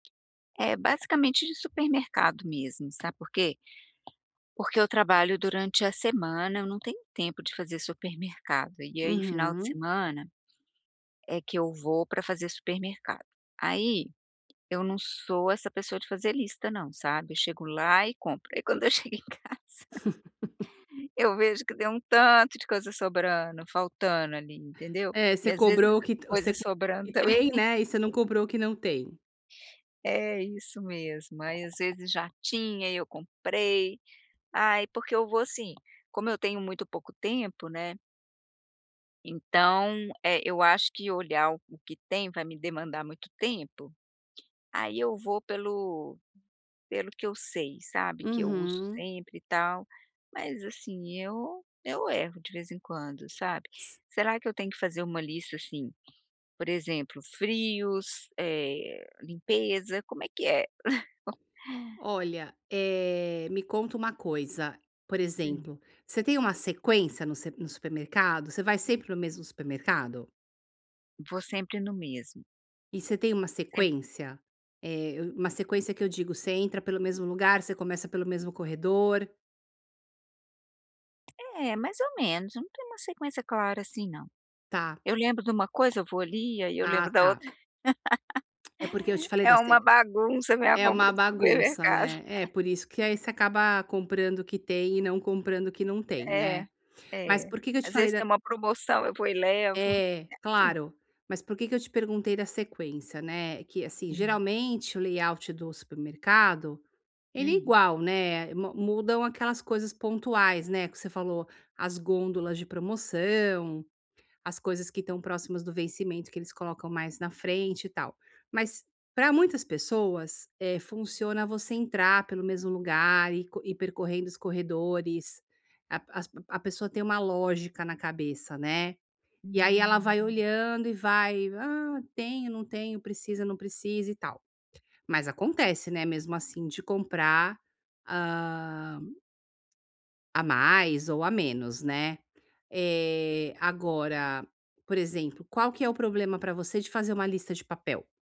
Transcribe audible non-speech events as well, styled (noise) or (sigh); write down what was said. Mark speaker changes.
Speaker 1: É, basicamente de supermercado mesmo, sabe por quê? Porque eu trabalho durante a semana, eu não tenho tempo de fazer supermercado, e aí final de
Speaker 2: Uhum.
Speaker 1: semana é que eu vou pra fazer supermercado. Aí, eu não sou essa pessoa de fazer lista não, sabe, eu chego lá e compro. E quando eu chego em casa,
Speaker 2: (laughs)
Speaker 1: (chuckles) eu vejo que tem um tanto de coisa sobrando, faltando ali, entendeu.
Speaker 2: É,
Speaker 1: E
Speaker 2: você
Speaker 1: às vezes, coisa
Speaker 2: cobrou o
Speaker 1: sobrando
Speaker 2: que você (unintelligible) o que
Speaker 1: também.
Speaker 2: tem, né, e você não
Speaker 1: (laughs)
Speaker 2: cobrou o que não tem.
Speaker 1: É, isso mesmo, aí às vezes já tinha e eu comprei. Ai, porque eu vou, assim, como eu tenho muito pouco tempo, né então, eu acho que olhar o que tem, vai me demandar muito tempo, aí eu vou pelo pelo que eu sei, sabe, que eu uso
Speaker 2: Uhum.
Speaker 1: sempre e tal, mas, assim, eu eu erro de vez em quando sabe. Será que eu tenho que fazer uma lista assim, por exemplo: frios, eh, limpeza, como é que é? (laughs)
Speaker 2: Olha, eh, me conta uma coisa, por
Speaker 1: Hum.
Speaker 2: exemplo, você tem uma sequência no sep no supermercado? Você vai sempre no mesmo supermercado?
Speaker 1: Vou sempre no mesmo.
Speaker 2: E você tem uma
Speaker 1: Sempre
Speaker 2: sequência? Eh, eu uma sequência que eu digo, você entra pelo mesmo lugar, você começa pelo mesmo corredor.
Speaker 1: É, mais ou menos, não tem uma sequência clara assim, não.
Speaker 2: Tá.
Speaker 1: Eu lembro de uma coisa, eu vou ali, aí eu
Speaker 2: Ah
Speaker 1: lembro da outra.
Speaker 2: tá. É porque eu te
Speaker 1: (laughs)
Speaker 2: falei
Speaker 1: É
Speaker 2: das
Speaker 1: uma
Speaker 2: teg
Speaker 1: bagunça a minha
Speaker 2: é uma
Speaker 1: compra do
Speaker 2: bagunça,
Speaker 1: supermercado.
Speaker 2: né. É
Speaker 1: (laughs)
Speaker 2: por isso que aí você acaba comprando o que tem e não comprando o que não tem,
Speaker 1: É,
Speaker 2: né. Mas
Speaker 1: é.
Speaker 2: por que que eu te
Speaker 1: Às vezes
Speaker 2: falei da
Speaker 1: tem uma promoção, eu vou e levo.
Speaker 2: É,
Speaker 1: É assim.
Speaker 2: claro. Mas por que eu te perguntei da sequência, né, que, assim,
Speaker 1: Hum.
Speaker 2: geralmente o layout do supermercado, ele é
Speaker 1: Hum.
Speaker 2: igual, né, ma mudam aquelas coisas pontuais, né, que você falou: as gôndolas de promoção, as coisas que estão próximas do vencimento que eles colocam mais na frente e tal. Mas para muitas pessoas, eh, funciona você entrar pelo mesmo lugar e co ir percorrendo os corredores, a as a pessoa tem uma lógica na cabeça, né. E aí ela vai
Speaker 1: Hum.
Speaker 2: olhando e vai: "Ah tenho, não tenho, precisa, não precisa" e tal. Mas acontece, né, mesmo assim, de comprar, hã a mais ou a menos né, eh, agora, por exemplo, qual que é o problema para você de fazer uma lista de papel?